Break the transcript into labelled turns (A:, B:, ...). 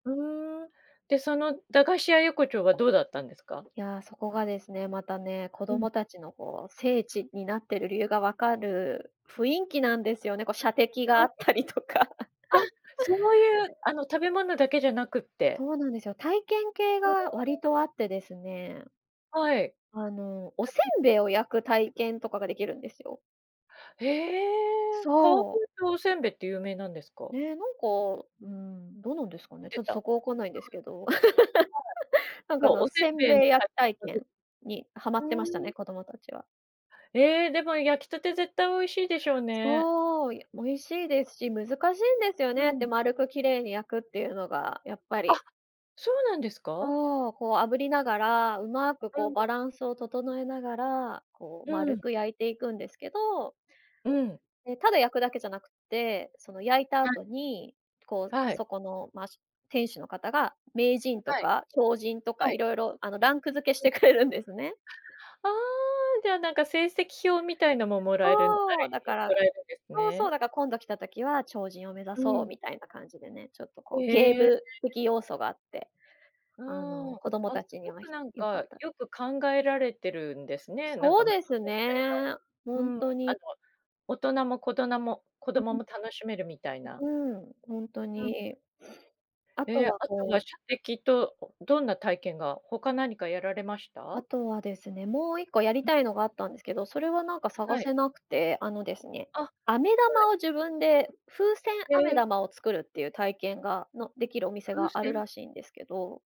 A: ふーん、で、その駄菓子屋横丁はどうだったんですか？
B: いや、そこがですね、またね、子
A: うん。
B: 供たちのこう、聖地になってる理由がわかる雰囲気なんですよね、こう射的
A: あ。
B: があったりとか。
A: あ、そうい う、あの、食べ物だけじゃなくて。
B: そうなんですよ。体験系
A: へ
B: が
A: え。
B: 割とあってですね。
A: はい。
B: あの、お煎 餅を焼く体験とかができるんですよ。
A: ええ。かわ
B: そう。
A: おせんべいって有名なんですか？
B: ね、なんか、うん、どうなんですかね、ち
A: て
B: ょっと
A: た。は
B: そ
A: い、
B: こ分かんないんですけど。なんか
A: そ
B: あ
A: う、
B: の、
A: おせん
B: せん
A: べい
B: べ
A: の
B: い焼き体 験にハマ
A: ふ
B: ってましたね、
A: ん。
B: 子供たちは。
A: ええ、でも焼きたて絶対美味しいでしょうね。
B: そう、美味しいですし、難しいんですよ
A: う
B: ねっ
A: ん。
B: て丸くきれいに焼くっていうのが、やっぱ
A: あ、
B: り。
A: そうなんですか。
B: そう、こう炙りながら、うまく
A: う
B: こう
A: ん。
B: バランスを整えながら、こう
A: う
B: 丸
A: ん。
B: く焼いていくんですけど。
A: うん。
B: ね、ただ焼くだけじゃなくって、その焼いた
A: はい。
B: 後に、こう、
A: はい。
B: そこの、ま、しゅ店主の方が、名人と
A: はい。
B: か超人とか
A: は
B: い
A: い。
B: ろいろ、あの、ランク付けし
A: うん。
B: てくれるんですね。
A: ああ、じゃ、なんか、成績表みたいのももらえるあ
B: そ
A: る
B: う、だ
A: 意
B: か
A: 味も
B: ら
A: らえるんです
B: そうそ
A: ね。
B: う、だから今度来た時は超人を目指
A: う
B: そう
A: ん。
B: みたいな感じでね、ちょっとこ
A: え
B: う、ゲー
A: え。
B: ム的要素があって、
A: う
B: あ
A: ん。
B: の、
A: あ、
B: 子供た
A: す
B: ちに
A: ご
B: は
A: く、なん
B: よか
A: か、
B: った。
A: よく考えられてるんですね。なん
B: そ
A: か
B: うですね、
A: う
B: ほん
A: ん。あの
B: とに。
A: 大人もことなも子
B: う
A: 供
B: ん。
A: も楽しめるみたいな。
B: う、うん、ほんと
A: うん。
B: に。あ
A: え
B: と
A: え、
B: は
A: あと
B: こ
A: は
B: う
A: 射撃と、どんな体験が、他何かやられまし
B: あ
A: た？
B: とはですね、もう1個やり たいのがあったんですけど、それはなんか探
A: はい。
B: せなくて、あのですね、
A: あ、は
B: 飴玉
A: い。
B: を自分で風船
A: へ
B: 飴
A: え。
B: 玉を作るっていう体験がのできるお店
A: 風
B: がある
A: 船。
B: らしいんですけど